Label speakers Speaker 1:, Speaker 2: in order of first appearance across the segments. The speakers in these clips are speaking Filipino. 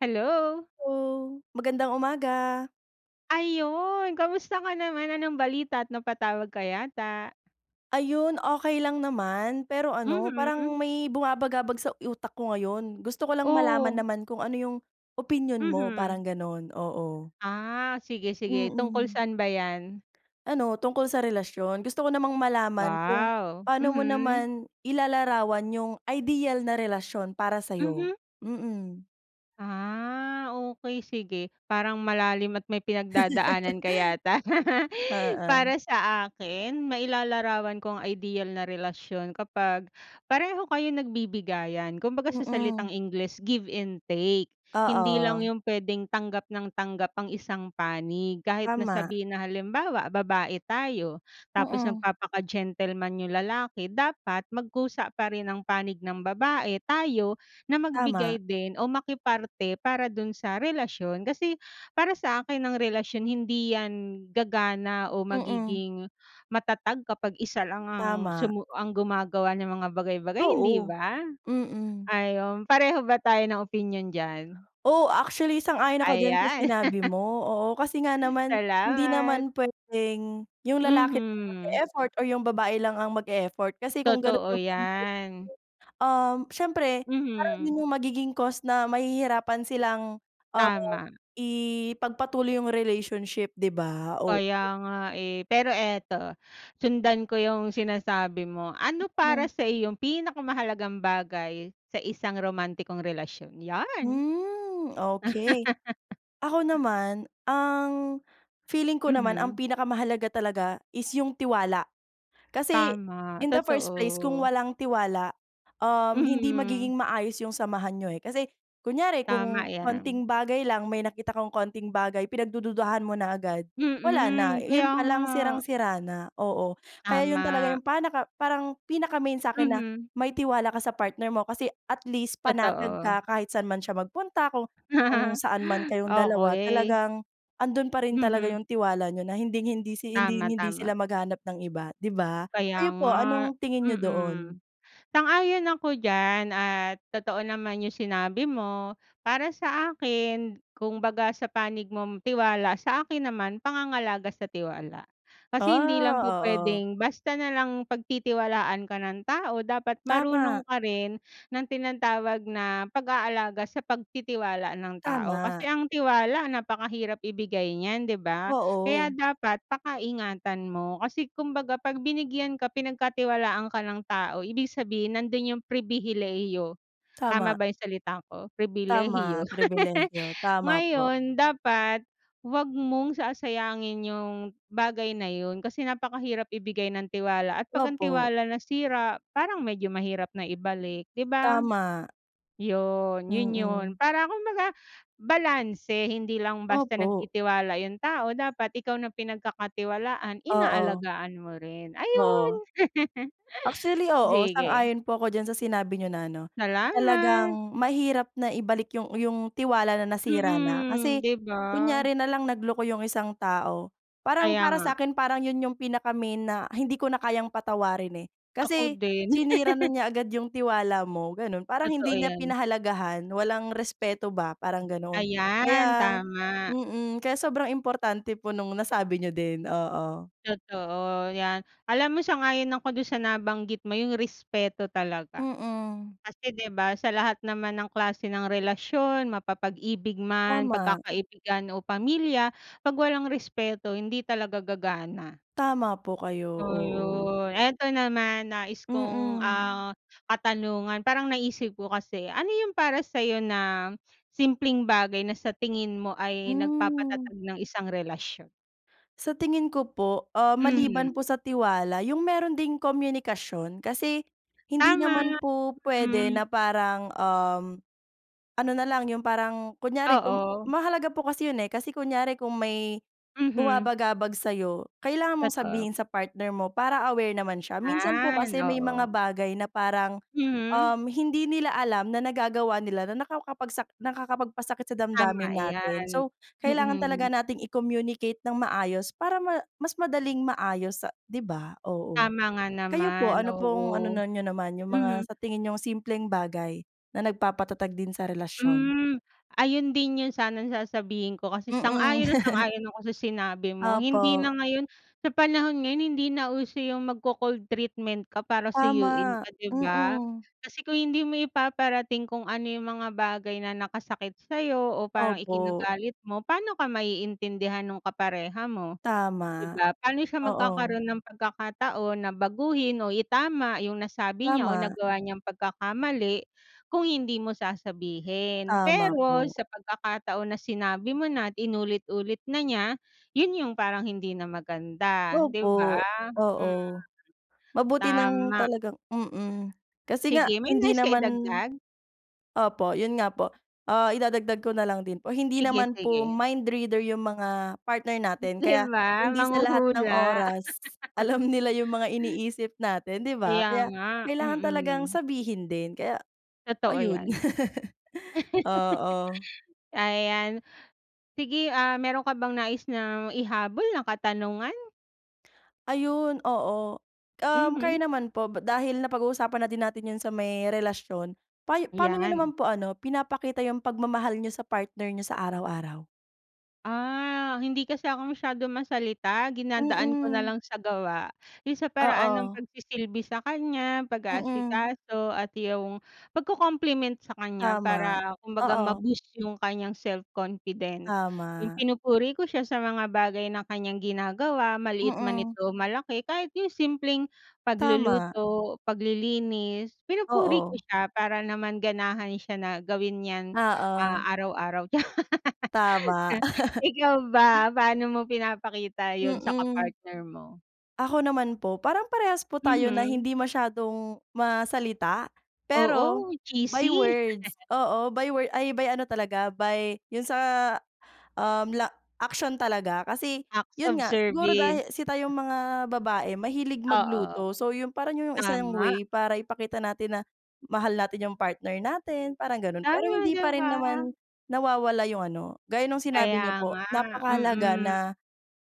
Speaker 1: Hello!
Speaker 2: Hello, magandang umaga!
Speaker 1: Ayun kamusta ka naman anong balita at napatawag ka yata?
Speaker 2: Ayun okey lang naman, pero ano,
Speaker 1: Mhm.
Speaker 2: parang may bumabagabag sa utak ko ngayon gusto ko lang malaman
Speaker 1: Oh.
Speaker 2: naman kung ano yung opinyon mo
Speaker 1: Mhm.
Speaker 2: parang ganun, oo.
Speaker 1: Ah sige-sige tungkol
Speaker 2: Mm.
Speaker 1: san ba iyan?
Speaker 2: Ano tungkol sa relasyon, gusto ko namang malaman kung
Speaker 1: Wow!
Speaker 2: paano mo
Speaker 1: Mhm.
Speaker 2: naman ilalarawan yung ideal na relasyon para sayo.
Speaker 1: Mhm.
Speaker 2: Mm.
Speaker 1: Ah, okey sige parang malalim at may pinagdadaanan ka yata.
Speaker 2: Oo.
Speaker 1: Para sa akin? Mailalarawan ko ang ideal na relasyon kapag pareho kayong nagbibigayan. Kumbaga sa salitang
Speaker 2: Mm.
Speaker 1: Ingles give and take. Hindi lang
Speaker 2: Oo.
Speaker 1: yung pwedeng tanggap ng tanggap ang isang panig kahit na
Speaker 2: Tama.
Speaker 1: sabihin na halimbawa babae tayo, tapos
Speaker 2: Mm.
Speaker 1: magpapaka gentleman yung lalaki dapat magkusa pa rin ang panig ng babae tayo, na
Speaker 2: Tama.
Speaker 1: magbigay din o makiparte para dun sa relasyon. Kas,i para sa akin ang relasyon hindi yan gagana o
Speaker 2: Mm.
Speaker 1: magiging matatag kapag isa lang ang
Speaker 2: Tama.
Speaker 1: sumu ang gumagawa ng mga bagay-bagay hindi
Speaker 2: Oo.
Speaker 1: ba?
Speaker 2: Mm.
Speaker 1: Ayun pareho ba tayo ng opinyon diyan?
Speaker 2: Oo, actually sang-ayon ako diyan sa
Speaker 1: Ayan.
Speaker 2: sinabi mo oo kasi nga naman, hindi
Speaker 1: Salamat.
Speaker 2: naman pwedeng yung lalaki lang
Speaker 1: Mhm.
Speaker 2: mag-effort o yung babae lang ang mag-effort kasi kung ganun
Speaker 1: Totoo
Speaker 2: yung mangyayare.
Speaker 1: iyan.
Speaker 2: Um, siyempre parang
Speaker 1: Mhm.
Speaker 2: yun yung magiging cause na mahihirapan silang, ah,
Speaker 1: Tama.
Speaker 2: ipagpatuloy yung relationship 'di ba? Oh.
Speaker 1: Kaya nga eh, pero eto, sundan ko yung sinasabi mo, ano para
Speaker 2: Mm.
Speaker 1: sa iyong pinakamahalagang bagay sa isang romantikong relasyon? Yan.
Speaker 2: Hmm okey. Ako naman, ang feeling ko naman ang
Speaker 1: Mhm.
Speaker 2: pinakamahalaga talaga is yung tiwala. Kasi
Speaker 1: Tama,
Speaker 2: in the first place kung
Speaker 1: totoo.
Speaker 2: walang tiwala, um, hindi
Speaker 1: Mhm.
Speaker 2: magiging maayos yung samahan niyo eh, kasi kunyari kung
Speaker 1: Tama iyan.
Speaker 2: konting bagay lang may nakita kong konting bagay pinagdududuhan mo na agad wala na
Speaker 1: Mm,
Speaker 2: yun
Speaker 1: kaya nga.
Speaker 2: palang sirang-sira na oo kaya yun talaga
Speaker 1: Tama.
Speaker 2: yung pan pinaka-main sakin na
Speaker 1: Mhm.
Speaker 2: may tiwala ka sa partner mo kasi atleast panatag
Speaker 1: Totoo.
Speaker 2: ka kahit saan man siya magpunta, kung kung saan man kayong dalawa
Speaker 1: Okey.
Speaker 2: talagang andun pa rin talaga
Speaker 1: Mhm.
Speaker 2: yung tiwala niyo na hinding hindi
Speaker 1: Tama,
Speaker 2: hinding hindi
Speaker 1: tama.
Speaker 2: sila maghanap ng iba di ba?
Speaker 1: Kaya
Speaker 2: Kayo po
Speaker 1: nga,
Speaker 2: anong tingin niyo
Speaker 1: mm.
Speaker 2: doon?
Speaker 1: Sang-ayon ako diyan at totoo naman yung sinabi mo. Para sa akin kumbaga sa panig mong tiwala, sa akin naman pangangalaga sa tiwala kasi hindi lang po
Speaker 2: Ah, oo.
Speaker 1: pwedeng basta nalang pagtitiwalaan ka ng tao, dapat marunong
Speaker 2: Tama.
Speaker 1: ka rin ng tinatawag na pag-aalaga sa pagtitiwala ng tao, kasi
Speaker 2: Tama.
Speaker 1: ang tiwala napakahirap ibigay niyan di ba? Kaya
Speaker 2: Oo.
Speaker 1: dapat paka-ingatan mo kasi kumbaga pag binigyan ka, pinagkatiwalaan ka ng tao ibig sabihin nandun yung pribilehiyo tama
Speaker 2: Tama.
Speaker 1: ba yung salita ko pribilehiyo.
Speaker 2: Tama, pribilehiyo, tama po.
Speaker 1: Ngayon dapat wag mong sasayangin yung bagay na yun. Kasi napakahirap ibigay ng tiwala at pag ang
Speaker 2: Opo.
Speaker 1: tiwala nasira parang medyo mahirap na ibalik 'di ba?
Speaker 2: Tama.
Speaker 1: Yun, yun yun
Speaker 2: Mm.
Speaker 1: para kumbaga balanse hindi lang basta
Speaker 2: Opo.
Speaker 1: nagtitiwala yung tao dapat ikaw na pinagkakatiwalaan
Speaker 2: Oo.
Speaker 1: inaalagaan mo rin ayun.
Speaker 2: Oo. Actually oo,
Speaker 1: Sige.
Speaker 2: sang-ayon po ako diyan sa sinabi niyo na ano, na
Speaker 1: Salamat.
Speaker 2: talagang mahirap na ibalik yung yung tiwala na nasira na
Speaker 1: Mm
Speaker 2: kasi
Speaker 1: 'di ba?
Speaker 2: kunyari nalang nagloko yung isang tao, parang
Speaker 1: Kaya
Speaker 2: para
Speaker 1: nga.
Speaker 2: sakin parang yun yung pinaka-main na hindi ko na kayang patawarin eh.
Speaker 1: Ako
Speaker 2: Kasi
Speaker 1: din.
Speaker 2: sinira na niya agad yung tiwala mo ganon parang
Speaker 1: Totoo
Speaker 2: hindi niya
Speaker 1: iyan.
Speaker 2: pinahalagahan, walang respeto ba, parang ganon.
Speaker 1: Ayan,
Speaker 2: Kaya
Speaker 1: tama.
Speaker 2: mm kaya sobrang importante po nung nasabi niyo din, oo.
Speaker 1: Totoo, iyan, alam mo sang-ayon ako dun sa nabanggit mo yung respeto talaga.
Speaker 2: Mm.
Speaker 1: Kasi di ba sa lahat naman ng klase ng relasyon mapapag-ibig man,
Speaker 2: Tama.
Speaker 1: pagkakaibigan o pamilya, pag walang respeto hindi talaga gagana.
Speaker 2: Tama po kayo,
Speaker 1: Oh
Speaker 2: oo.
Speaker 1: yun, eto naman nais kong
Speaker 2: Mm.
Speaker 1: ah, katanungan parang naisip ko kasi, ano yung para sayo na, simpleng bagay na sa tingin mo ay
Speaker 2: Hmm.
Speaker 1: nagpapatatag ng isang relasyon?
Speaker 2: Sa tingin ko po, ah, maliban po
Speaker 1: Mhm.
Speaker 2: sa tiwala, yung meron ding komunikasyon, kasi hindi naman
Speaker 1: Tama,
Speaker 2: po pwede
Speaker 1: mm.
Speaker 2: na parang, um, ano na lang, yung parang kunyari, kung
Speaker 1: Oo.
Speaker 2: mahalaga po kasi 'yun, eh, kasi kunyari kung may
Speaker 1: Mhm.
Speaker 2: bumabagabag sa'yo, kailangan mong
Speaker 1: Totoo.
Speaker 2: sabihin sa partner mo para aware naman siya. Minsan po
Speaker 1: Yan,
Speaker 2: kasi may mga
Speaker 1: oo.
Speaker 2: bagay na parang,
Speaker 1: Mhm.
Speaker 2: um, hindi nila alam na nagagawa nila na nakawkapagsak nakakapagpasakit sa
Speaker 1: Tama
Speaker 2: damdamin natin,
Speaker 1: yan.
Speaker 2: so kailangan talaga
Speaker 1: Mm.
Speaker 2: natin i-communicate nang maayos para ma mas madaling maayos sa di ba? Oo.
Speaker 1: Tama nga
Speaker 2: Kayo po,
Speaker 1: naman,
Speaker 2: ano
Speaker 1: oo.
Speaker 2: pong ano niyo naman, yung
Speaker 1: Mhm.
Speaker 2: mga sa tingin niyong simpleng bagay na nagpapatatag din sa relasyon?
Speaker 1: Hmm, ayun din 'yon sanang sasabihin ko, kasi
Speaker 2: Mm.
Speaker 1: sang-ayon na sang-ayon ako sa sinabi mo. Hindi na
Speaker 2: Opo.
Speaker 1: ngayon sa panahon ngayon hindi na uso yung magco-cold treatment ka para suyuin
Speaker 2: Tama,
Speaker 1: ka, di ba?
Speaker 2: mm.
Speaker 1: Kasi kung hindi mo ipaparating kung ano yung mga bagay na nakasakit sa 'yo o parang
Speaker 2: Opo.
Speaker 1: ikinagalit mo, paano ka maiintindihan nung kapareha mo, di
Speaker 2: Tama.
Speaker 1: ba? Paano siya
Speaker 2: Oo.
Speaker 1: magkakaroon ng pagkakataon na baguhin o itama yung nasabi niya o
Speaker 2: Tama.
Speaker 1: nagawa niyang pagkakamali, kung hindi mo sasabihin.
Speaker 2: Tama
Speaker 1: Pero
Speaker 2: po.
Speaker 1: sa pagkakataon na sinabi mo na at inulit-ulit na niya, yun yung parang hindi na maganda, di ba?
Speaker 2: Opo.
Speaker 1: Hmm.
Speaker 2: Oo. Mabuti nang
Speaker 1: Tama.
Speaker 2: talagang mm, kasi nga
Speaker 1: Sige, may
Speaker 2: hindi
Speaker 1: nais ka
Speaker 2: naman
Speaker 1: idagdag?
Speaker 2: opo, 'yun nga po. Ah, idadagdag ko na lang din po, hindi
Speaker 1: Sige,
Speaker 2: naman po
Speaker 1: sige.
Speaker 2: mind reader yung mga partner natin,
Speaker 1: Di
Speaker 2: kaya
Speaker 1: ba?
Speaker 2: hindi sa lahat ng
Speaker 1: Manghuhula.
Speaker 2: oras alam nila yung mga iniisip natin, di ba?
Speaker 1: Kaya
Speaker 2: Kaya
Speaker 1: nga,
Speaker 2: kailangan talagang
Speaker 1: mm.
Speaker 2: sabihin din, kaya
Speaker 1: Totoo
Speaker 2: ayun.
Speaker 1: yan.
Speaker 2: Oo.
Speaker 1: Ayan. Sige, ah, meron ka bang nais na ihabol na katanungan?
Speaker 2: Ayun oo. Um, kayo
Speaker 1: Mhm.
Speaker 2: naman po, dahil napag-uusapan na din natin yung sa may relasyon. Pa p'ano niyo
Speaker 1: 'Yan.
Speaker 2: naman po ano, pinapakita yung pagmamahal niyo sa partner niyo sa araw-araw?
Speaker 1: Ah, hindi kasi ako masyado masalita, dinadaan ko na
Speaker 2: Mm.
Speaker 1: lang sa gawa. Yung sa paraan ng
Speaker 2: Oo.
Speaker 1: pagsisilbi sa kanya,
Speaker 2: Mm.
Speaker 1: pag-aasikaso, at yung pag-ko-compliment sa kanya,
Speaker 2: Tama,
Speaker 1: para kumbaga
Speaker 2: oo.
Speaker 1: ma-boost yung kanyang self confidence. Yung
Speaker 2: Tama.
Speaker 1: pinupuri ko siya sa mga bagay na kanyang ginagawa, maliit man
Speaker 2: Mm.
Speaker 1: ito o malaki. Kahit yung simpleng
Speaker 2: Tama.
Speaker 1: pagluluto, paglilinis, pinupuri ko
Speaker 2: Oo.
Speaker 1: siya para naman ganahan siya na gawin yan, ah,
Speaker 2: Oo.
Speaker 1: araw-araw.
Speaker 2: Tama.
Speaker 1: Ikaw ba, paano mo pinapakita yun sa
Speaker 2: Mm.
Speaker 1: kapartner mo?
Speaker 2: Ako naman po, parang parehas po tayo na
Speaker 1: Mhm.
Speaker 2: hindi masyadong ma-salita. Pero
Speaker 1: Oo,
Speaker 2: by
Speaker 1: cheesy.
Speaker 2: words, oo by word, ay by ano talaga, by 'yun sa, um, la action talaga. Kasi
Speaker 1: Acts
Speaker 2: 'yun
Speaker 1: of
Speaker 2: nga, siguro
Speaker 1: service.
Speaker 2: dahil si tayong mga babae mahilig
Speaker 1: Oo,
Speaker 2: magluto. So, yun, parang 'yun yung isang
Speaker 1: tama.
Speaker 2: way para ipakita natin na mahal natin yung partner natin, parang ganun. Pero
Speaker 1: Tama
Speaker 2: hindi
Speaker 1: 'di
Speaker 2: pa rin
Speaker 1: ba.
Speaker 2: naman nawawala yung ano, gaya nung sinabi
Speaker 1: Kaya
Speaker 2: niyo po
Speaker 1: nga,
Speaker 2: napakahalaga na
Speaker 1: mm.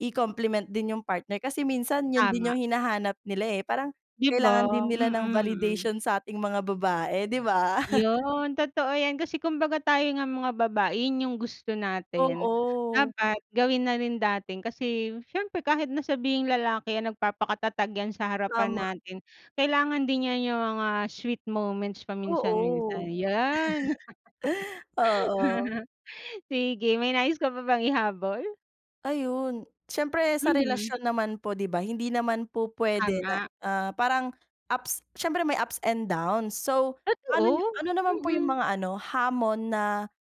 Speaker 2: i-compliment din yung partner. Kasi minsan 'yun din
Speaker 1: Tama.
Speaker 2: yung hinahanap nila, eh, parang
Speaker 1: 'Di
Speaker 2: kailangan din
Speaker 1: ba.
Speaker 2: nila
Speaker 1: Mm,
Speaker 2: ng
Speaker 1: mm.
Speaker 2: validation sa ating mga babae 'di ba?
Speaker 1: Yun, totoo yan. Kasi kumbaga tayo ngang mga babae yun yung gusto natin,
Speaker 2: Oo.
Speaker 1: dapat gawin na rin natin. Kasi siyempre kahit na sabihing lalaki yan, nagpapaka-tatag yan sa harapan
Speaker 2: Tama.
Speaker 1: natin, kailangan din niya yung mga sweet moments paminsan-minsan,
Speaker 2: Oo.
Speaker 1: yan.
Speaker 2: Oo.
Speaker 1: Sige, may nais ka pa bang ihabol?
Speaker 2: Ayun, siyempre sa
Speaker 1: Mhm.
Speaker 2: relasyon naman po, 'di ba, hindi naman po puwede na,
Speaker 1: Tama.
Speaker 2: ah, parang ups, siyempre may ups and downs. So, paano niyo
Speaker 1: Totoo,
Speaker 2: ano naman po yung
Speaker 1: mm.
Speaker 2: mga ano hamon na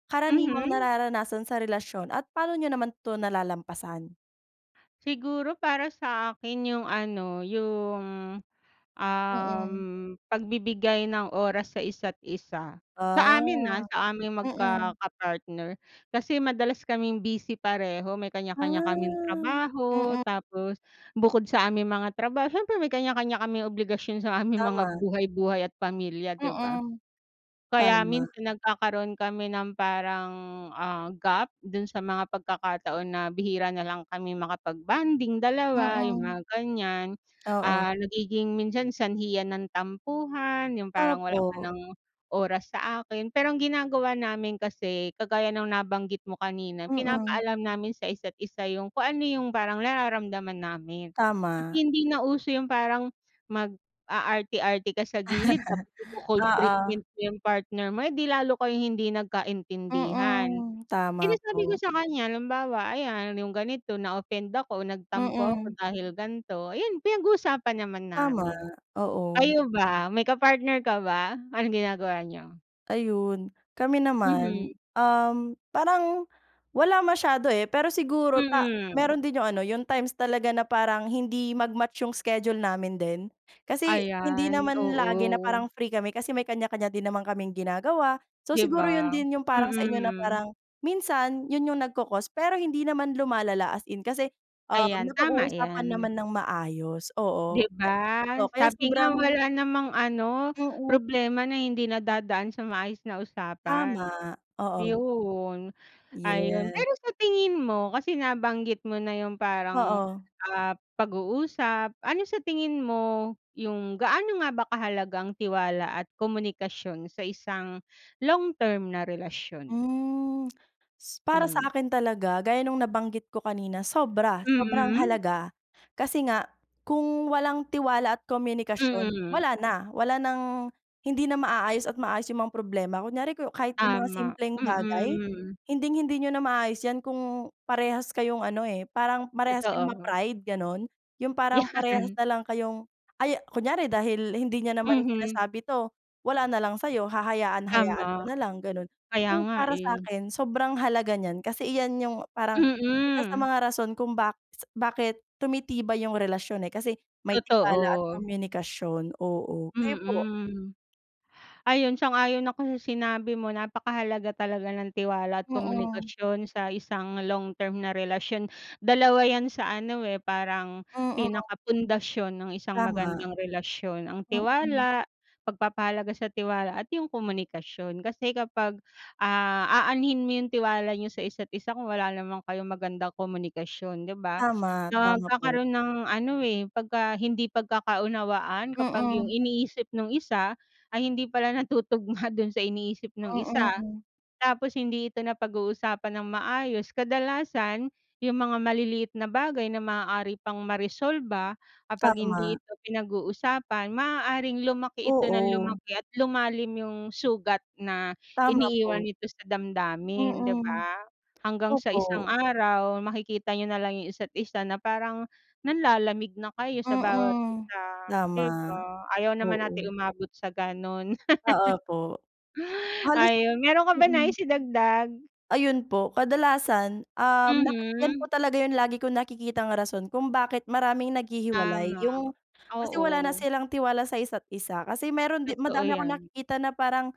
Speaker 2: karaniwang
Speaker 1: Mhm.
Speaker 2: nararanasan sa relasyon at paano niyo naman 'to nalalampasan?
Speaker 1: Siguro para sa akin yung ano, yung, um,
Speaker 2: Mm.
Speaker 1: pagbibigay ng oras sa isa't isa. Sa amin, ah,
Speaker 2: Ah.
Speaker 1: sa aming
Speaker 2: Mm.
Speaker 1: magkaka-partner kasi madalas kaming busy pareho, may
Speaker 2: Ah.
Speaker 1: kanya-kanya kaming trabaho.
Speaker 2: Mm.
Speaker 1: Tapos bukod sa aming mga trabaho siyempre may kanya-kanya kaming obligasyon sa aming mga
Speaker 2: Tama.
Speaker 1: buhay-buhay at pamilya, 'di ba?
Speaker 2: Mm,
Speaker 1: Kaya
Speaker 2: tama.
Speaker 1: minsan nagkakaroon kami ng parang, ah, gap dun sa mga pagkakataon na bihira nalang kami makapag-bonding 2, yung
Speaker 2: Mm.
Speaker 1: mga ganiyan.
Speaker 2: Oo.
Speaker 1: Ah, nagiging minsan sanhi yan ng tampuhan, yung parang wala ka
Speaker 2: Opo.
Speaker 1: ng oras sa akin. Pero ang ginagawa namin kasi, kagaya ng nabanggit mo kanina,
Speaker 2: Mm.
Speaker 1: pinapaalam namin sa isa't isa yung kung ano yung parang nararamdaman namin. Kasi
Speaker 2: Tama.
Speaker 1: hindi na uso yung parang mag-aarte-arte ka sa gilid tapos ico-cold treatment
Speaker 2: Oo.
Speaker 1: mo yung partner mo, eh di lalo kayong hindi nagkaintindihan.
Speaker 2: Mm, tama
Speaker 1: Sinasabi ko
Speaker 2: po.
Speaker 1: sa kanya, halimbawa, ayan, yung ganito na-offend ako, nagtampo ako
Speaker 2: Mm.
Speaker 1: dahil ganito, ayun, pinag-usapan naman
Speaker 2: Tama,
Speaker 1: namin.
Speaker 2: oo.
Speaker 1: Kayo ba, may ka-partner ka ba? Anong ginagawa niyo?
Speaker 2: Ayun. Kami
Speaker 1: Mhm.
Speaker 2: naman, um, parang wala masyado, eh. Pero siguro ta
Speaker 1: Mm.
Speaker 2: meron din yung ano, yung times talaga na parang hindi mag-match yung schedule namin din. Kasi hindi
Speaker 1: Ayan,
Speaker 2: naman lagi na
Speaker 1: oo.
Speaker 2: parang free kami kasi may kanya-kanya din naman kaming ginagawa. So,
Speaker 1: 'Di
Speaker 2: siguro 'yon
Speaker 1: ba?
Speaker 2: din yung parang sa inyo na
Speaker 1: Mm.
Speaker 2: parang minsan 'yon yung nagko-cause, pero hindi naman lumalala as in kasi, ah,
Speaker 1: Ayan. Tama
Speaker 2: napag-uusapan
Speaker 1: 'yan.
Speaker 2: naman ng maayos.
Speaker 1: 'Di
Speaker 2: Oo.
Speaker 1: ba?
Speaker 2: Oo, kaya
Speaker 1: Sabi nga
Speaker 2: sobrang
Speaker 1: wala namang ano,
Speaker 2: Yung ut
Speaker 1: problema na hindi nadadaan sa maayos na usapan.
Speaker 2: Tama. Oo.
Speaker 1: 'Yon. Ayun,
Speaker 2: Yeah.
Speaker 1: pero sa tingin mo, kasi nabanggit mo na yung parang,
Speaker 2: Oo.
Speaker 1: ah, pag-uusap. Ano sa tingin mo yung gaano nga ba kahalaga ang tiwala at komunikasyon sa isang long-term na relasyon?
Speaker 2: Hmm. S para sa
Speaker 1: Hmm.
Speaker 2: akin talaga, gaya nung nabanggit ko kanina, sobra, sobrang
Speaker 1: Mm.
Speaker 2: halaga. Kasi nga kung walang tiwala at komunikasyon,
Speaker 1: Mm.
Speaker 2: wala na. Wala ng hindi na maaayos at maayos yung mga problema. Kunyari, ku kahit yung mga
Speaker 1: Tama.
Speaker 2: simpleng bagay,
Speaker 1: Mm.
Speaker 2: hinding-hindi niyo na maaayos 'yan kung parehas kayong ano, eh, parang parehas kayong
Speaker 1: Totoo.
Speaker 2: ma-pride, gano'n? Yung parang parehas
Speaker 1: 'Yan.
Speaker 2: na lang kayong ay, kunyari, dahil hindi niya naman
Speaker 1: Mhm.
Speaker 2: sinasabi 'to, wala na lang sa'yo, hahayaan hayaan mo
Speaker 1: Tama.
Speaker 2: na lang, gano'n.
Speaker 1: Kaya
Speaker 2: So,
Speaker 1: nga,
Speaker 2: para
Speaker 1: eh.
Speaker 2: sa'kin, sobrang halaga niyan kasi iyan yung parang isa sa
Speaker 1: Mm.
Speaker 2: mga rason kung ba s bakit tumitibay yung relasyon, eh, kasi may tiwala at
Speaker 1: Totoo.
Speaker 2: komunikasyon, oo. Kayo po?
Speaker 1: Mm. Ayun, sang-ayon ako sa sinabi mo. Napakahalaga talaga ng tiwala at
Speaker 2: Mm.
Speaker 1: komunikasyon sa isang long-term na relasyon. Dalawa 'yan sa ano, eh, parang
Speaker 2: Mm.
Speaker 1: pinaka pundasyon ng isang
Speaker 2: Tama.
Speaker 1: magandang relasyon. Ang
Speaker 2: Mm.
Speaker 1: tiwala, pagpapahalaga sa tiwala at yung komunikasyon. Kasi kapag, ah, aanhin mo yung tiwala niyo sa isa't isa kung wala naman kayong magandang komunikasyon, 'di ba?
Speaker 2: Tama, tama po.
Speaker 1: Nagkakaroon ng ano, eh, pagka hindi pagkakaunawaan kapag yung
Speaker 2: Mm.
Speaker 1: iniisip nung isa ay hindi pala natutugma do'n sa iniisip nung isa.
Speaker 2: Mm.
Speaker 1: Tapos hindi ito napag-uusapan ng maayos. Kadalasan, yung mga maliliit na bagay na maaari pang maresolba, kapag hindi
Speaker 2: Tama.
Speaker 1: ito pinag-uusapan, maaaring lumaki ito ng
Speaker 2: Oo.
Speaker 1: lumaki at lumalim yung sugat na
Speaker 2: Tama
Speaker 1: iniiwan
Speaker 2: po.
Speaker 1: nito sa damdamin, 'di
Speaker 2: Mm.
Speaker 1: ba? Hanggang sa isang
Speaker 2: Opo.
Speaker 1: araw, makikita niyo na lang yung isa't-isa na parang nanlalamig na kayo sa bawat
Speaker 2: Mm.
Speaker 1: isa,
Speaker 2: Tama.
Speaker 1: 'di ba? Ayaw naman nating
Speaker 2: Oo.
Speaker 1: umabot sa gano'n.
Speaker 2: Ah, opo. Halos
Speaker 1: Ayun, meron ka bang
Speaker 2: mm.
Speaker 1: nais idagdag?
Speaker 2: Ayun po, kadalasan, um, naka 'yan
Speaker 1: Mhm.
Speaker 2: po talaga yung lagi kong nakikitang rason kung bakit maraming naghihiwalay.
Speaker 1: Tama.
Speaker 2: Yung kasi wala na
Speaker 1: Oo.
Speaker 2: silang tiwala sa isa't isa. Kasi meron 'di
Speaker 1: Totoo
Speaker 2: madami akong
Speaker 1: 'yan.
Speaker 2: nakikita na parang,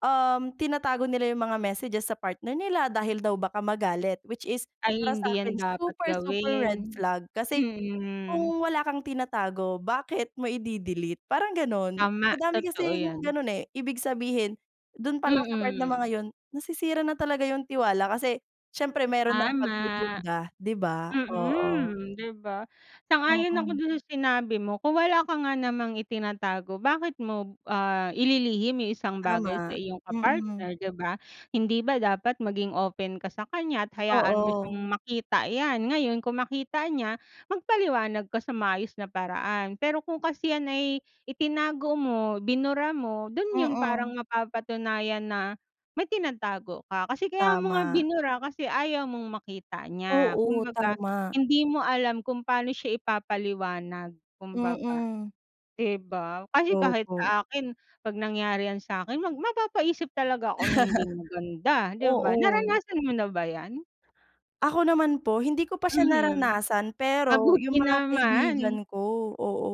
Speaker 2: um, tinatago nila yung mga messages sa partner nila dahil daw baka magalit. Which is
Speaker 1: Ay,
Speaker 2: para
Speaker 1: hindi 'yan
Speaker 2: sa'kin,
Speaker 1: dapat
Speaker 2: super, super red
Speaker 1: gawin.
Speaker 2: flag. Kasi
Speaker 1: Mm.
Speaker 2: kung wala kang tinatago, bakit mo ide-delete? Parang gano'n.
Speaker 1: Tama,
Speaker 2: Madami
Speaker 1: totoo
Speaker 2: kasing
Speaker 1: 'yan.
Speaker 2: ganun, eh. Ibig sabihin, dun palang sa part na
Speaker 1: Mm.
Speaker 2: mga 'yon, nasisira na talaga yung tiwala kasi siyempre meron ng
Speaker 1: Tama.
Speaker 2: pagdududa, 'di ba? Oo.
Speaker 1: Mm, 'di ba? Sang-ayon ako
Speaker 2: Mm.
Speaker 1: dun sa sinabi mo. Kung wala ka nga namang itinatago, bakit mo, ah, ililihim yung isang bagay sa
Speaker 2: Tama,
Speaker 1: iyong
Speaker 2: mm.
Speaker 1: ka-partner, 'di ba? Hindi ba dapat maging open ka sa kaniya at hayaan mo siyang
Speaker 2: Oo.
Speaker 1: makita 'yan. Ngayon, kung makita niya, magpaliwanag ka sa maayos na paraan. Pero kung kasi 'yan ay itinago mo, binura mo, do'n 'yon parang
Speaker 2: Mm.
Speaker 1: mapapatunayan na may tinatago ka. Kasi kaya mo
Speaker 2: Tama.
Speaker 1: binura kasi ayaw mong makita niya.
Speaker 2: Oo,
Speaker 1: Kumbaga,
Speaker 2: tama.
Speaker 1: hindi mo alam kung pa'no siya ipapaliwanag kumbaga,
Speaker 2: Mm.
Speaker 1: 'di ba? Kasi kahit
Speaker 2: Opo.
Speaker 1: sa akin, 'pag nangyari 'yan sa'kin, mag mapapaisip talaga ako ng hindi maganda, 'di ba?
Speaker 2: Oo.
Speaker 1: Naranasan mo na ba 'yan?
Speaker 2: Ako naman po, hindi ko pa siya
Speaker 1: Mhm,
Speaker 2: naranasan, pero
Speaker 1: mabuti
Speaker 2: yung mga kaibigan
Speaker 1: naman.
Speaker 2: ko, oo.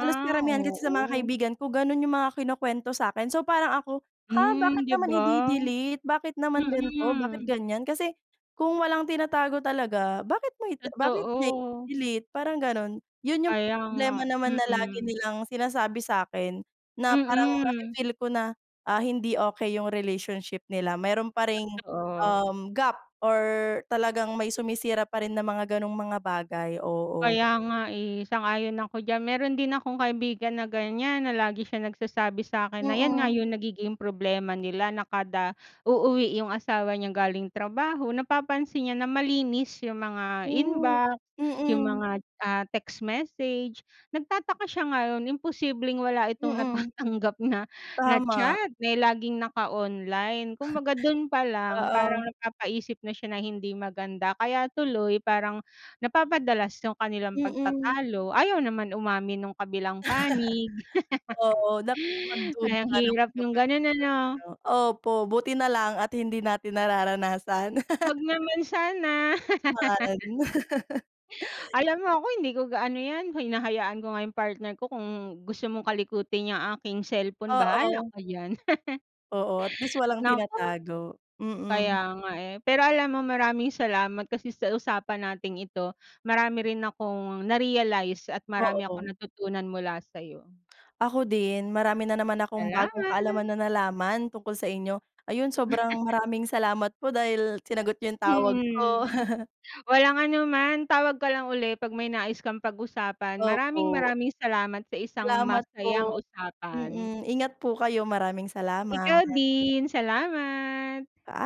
Speaker 2: Halos karamihan kasi sa mga
Speaker 1: oo.
Speaker 2: kaibigan ko gano'n yung mga kinukwento sa'kin. So, parang ako, "Ha,
Speaker 1: Hmm,
Speaker 2: bakit
Speaker 1: 'di
Speaker 2: naman
Speaker 1: ba?
Speaker 2: ide-delete? Bakit naman gan'to? Bakit
Speaker 1: Mm.
Speaker 2: ganiyan?" Kasi kung walang tinatago talaga, bakit mo ita bakit niya
Speaker 1: Totoo.
Speaker 2: ide-delete? Parang ganun. 'Yon yung
Speaker 1: Kaya nga,
Speaker 2: problema naman na lagi
Speaker 1: mm.
Speaker 2: nilang sinasabi sa'kin na parang
Speaker 1: Mm.
Speaker 2: nafi-feel ko na, ah, hindi okey yung relationship nila, meron pa ring,
Speaker 1: Totoo.
Speaker 2: um, gap or talagang may sumisira pa rin na mga gano'ng mga bagay, oo.
Speaker 1: Kaya nga, eh. Sang-ayon ako diyan. Meron din akong kaibigan na ganiyan na lagi siyang nagsasabi sa'kin na 'yan nga
Speaker 2: Mm.
Speaker 1: yung nagiging problema nila. Na kada uuwi yung asawa niya galing trabaho, napapansin niya na malinis yung mga
Speaker 2: Truth.
Speaker 1: inbox, yung
Speaker 2: Mm.
Speaker 1: mga, ah, text message. Nagtataka siya ngayon, imposibleng wala itong
Speaker 2: Mm.
Speaker 1: natatanggap na na
Speaker 2: Tama.
Speaker 1: chat dahil laging naka-online. Kumbaga do'n pa lang,
Speaker 2: Oo.
Speaker 1: parang napapaisip na siya ng hindi maganda. Kaya tuloy, parang napapadalas yung kanilang
Speaker 2: Mm.
Speaker 1: pagtatalo, ayaw naman umamin nung kabilang panig.
Speaker 2: Oo,
Speaker 1: Hay
Speaker 2: nakakapagduda
Speaker 1: ang
Speaker 2: nga naman
Speaker 1: hirap nung
Speaker 2: kapag
Speaker 1: ganun,
Speaker 2: ganun,
Speaker 1: ano?
Speaker 2: ano. Opo, buti na lang at hindi natin nararanasan.
Speaker 1: 'Wag naman sana.
Speaker 2: Man
Speaker 1: Alam mo ako, hindi ko gaano 'yan, hinahayaan ko nga yung partner ko kung gusto mong kalikutin 'yang aking cellphone, bahala
Speaker 2: Oo.
Speaker 1: ka diyan.
Speaker 2: Oo. At least walang
Speaker 1: Naku!
Speaker 2: tinatago, mm.
Speaker 1: Kaya nga, eh. Pero alam mo maraming salamat kasi sa usapan nating ito marami rin akong na-realize at marami akong
Speaker 2: Oo.
Speaker 1: natutunan mula sa'yo.
Speaker 2: Ako din. Marami na naman akong bagong kaalaman
Speaker 1: Salamat!
Speaker 2: na nalaman tungkol sa inyo. Ayun, sobrang maraming salamat po dahil sinagot niyo yung tawag ko.
Speaker 1: Mm. Walang anuman. Tawag ka lang uli 'pag may nais kang pag-usapan. Maraming
Speaker 2: Opo.
Speaker 1: maraming salamat sa isang
Speaker 2: Salamat
Speaker 1: masayang
Speaker 2: po.
Speaker 1: usapan.
Speaker 2: Mm. Ingat po kayo, maraming
Speaker 1: Ikaw
Speaker 2: salamat.
Speaker 1: din. Salamat!
Speaker 2: Paa